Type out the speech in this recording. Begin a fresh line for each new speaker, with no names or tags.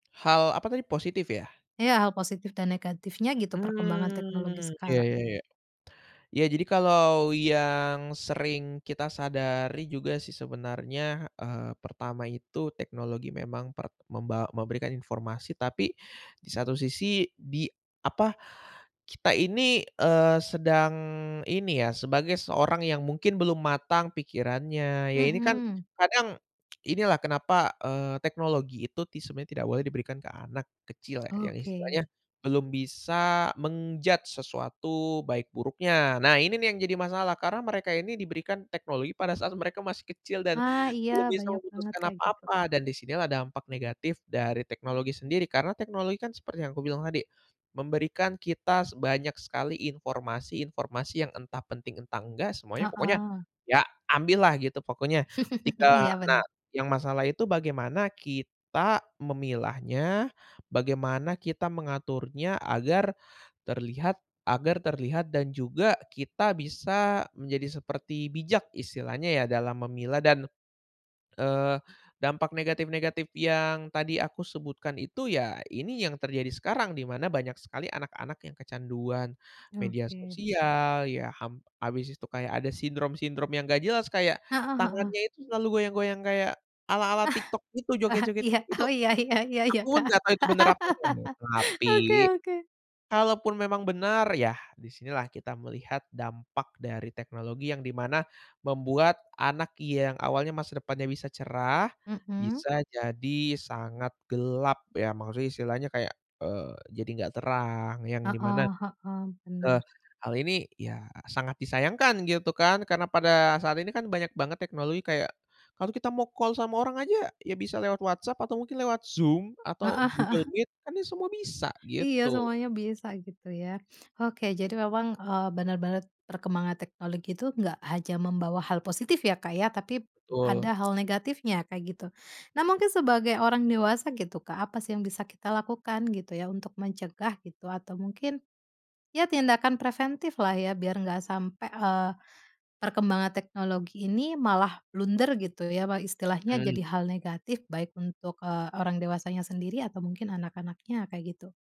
Hal apa tadi, positif ya?
Iya, hal positif dan negatifnya gitu perkembangan teknologi
Mmm iya,
sekarang.
ya ya. Ya jadi kalau yang sering kita sadari juga sih sebenarnya, eee, pertama itu teknologi memang per membaw memberikan informasi tapi di satu sisi di, apa, kita ini, eee, sedang ini ya sebagai seorang yang mungkin belum matang pikirannya, ya ini kan
Mhm.
kadang inilah kenapa, eee, teknologi itu tis sebenarnya tidak boleh diberikan ke anak kecil ya, yang istilahnya
Oke.
belum bisa men-judge sesuatu baik buruknya. Nah ini nih yang jadi masalah karena mereka ini diberikan teknologi pada saat mereka masih kecil dan
Ah iya,
belum bisa
banyak banget
memutuskan
kayak gitu.
apa-apa, dan disini lah dampak negatif dari teknologi sendiri karena teknologi kan seperti yang aku bilang tadi, memberikan kita banyak sekali informasi-informasi yang entah penting, entah enggak, semuanya pokoknya
Heeh.
ya ambil lah gitu pokoknya, ketika
Iya,
nah,
bener.
yang masalah itu bagaimana kita memilahnya, bagaimana kita mengaturnya agar terlihat agar terlihat dan juga kita bisa menjadi seperti bijak istilahnya ya, dalam memilah dan, eee, dampak negatif-negatif yang tadi aku sebutkan itu ya ini yang terjadi sekarang, di mana banyak sekali anak-anak yang kecanduan media
Oke
sosial. Ya ham habis itu kayak ada sindrom-sindrom yang nggak jelas kayak
Heeh heeh.
tangannya itu selalu goyang-goyang kayak ala-ala
Ah,
TikTok itu,
ah
joget-joget,
iya.
itu
Oh iya iya iya iya,
aku
Kak.
nggak tahu itu benar apa nggak ya tapi
Oke oke.
kalau pun memang benar yah di sinilah kita melihat dampak dari teknologi, yang di mana membuat anak yang awalnya masa depannya bisa cerah,
Mhm.
bisa jadi sangat gelap ya, Maksudnya istilahnya kayak, eee, jadi nggak terang yang di mana,
Heeh heeh,
eee,
bener.
hal ini ya sangat disayangkan gitu kan karena pada saat ini kan banyak banget teknologi kayak, kalau kita mau call sama orang aja ya bisa lewat WhatsApp, atau mungkin lewat Zoom atau
Heeh heeh.
Google Meet kan ya semua bisa,
Iya
gitu.
semuanya bisa gitu ya. Oke, jadi memang, eee, benar-benar perkembangan teknologi itu nggak hanya membawa hal positif ya Kak ya, tapi p ada
Betul.
hal negatifnya kayak gitu. Nah mungkin sebagai orang dewasa gitu Kak, apa sih yang bisa kita lakukan gitu ya untuk mencegah gitu? Atau mungkin ya tindakan preventif lah ya biar nggak sampai, eee, perkembangan teknologi ini malah blunder gitu ya, istilahnya jadi
Hmm.
hal negatif baik untuk, eee, orang dewasanya sendiri atau mungkin anak-anaknya, kayak gitu.